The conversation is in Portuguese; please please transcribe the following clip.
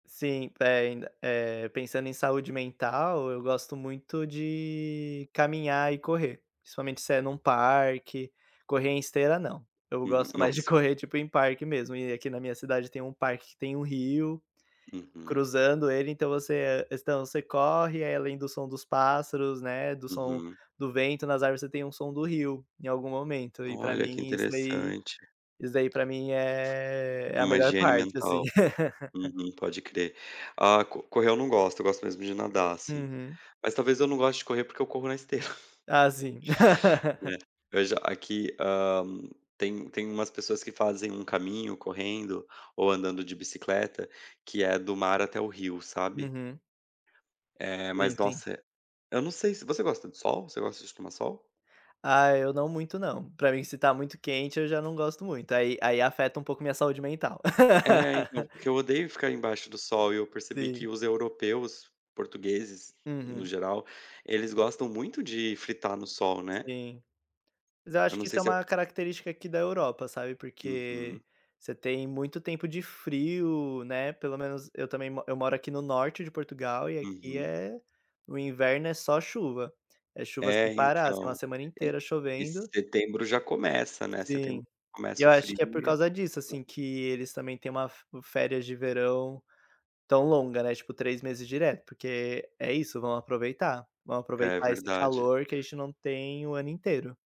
Sim, pe ainda, eh, pensando em saúde mental, eu gosto muito de caminhar e correr, principalmente se é em um parque, correr em esteira não, eu Hum, gosto mais de nossa. correr tipo em parque mesmo, e aqui na minha cidade tem um parque que tem um rio, Uhum. cruzando ele, então você você corre aí além do som dos pássaros, né, do som Uhum. do vento nas árvores você tem um som do rio, em algum momento e para Olha, que mim isso daí, interessante. isso daí para mim é é a Uma melhor higiene parte assim. mental. Uhum, pode crer, ah, co correr eu não gosto, eu gosto mesmo de nadar assim, Uhum. mas talvez eu não goste de correr porque eu corro na esteira. Ah, sim. É, veja aqui, hã, tem tem umas pessoas que fazem um caminho correndo, ou andando de bicicleta, que é do mar até o rio sabe. Uhum. Eh, Sim, mas sim. nossa, eu não sei se você gosta do sol, se você gosta de tomar sol? Ah, eu não muito não, para mim se tá muito quente eu já não gosto muito, aí aí afeta um pouco minha saúde mental. É então, porque eu odeio ficar embaixo do sol e eu percebi que Sim. os europeus, portugueses, no Uhum. geral, eles gostam muito de fritar no sol, né. Sim mas eu Eu acho não que isso sei é se é... uma característica aqui da Europa, sabe, porque Uhum. você tem muito tempo de frio, né, pelo menos eu também mo eu moro aqui no norte de Portugal e aqui Uhum. é o inverno é só chuva, é chuva sem É para, assim, uma então, semana inteira e chovendo. setembro já começa, né, setembro Sim, e começa eu o acho que é por frio. causa disso, assim, [unintelligible] que eles também têm uma fé férias de verão tão longa, né, tipo 3 meses direto, porque é isso, vamos aproveitar, vamos É aproveitar esse verdade. calor que a gente não tem o ano inteiro.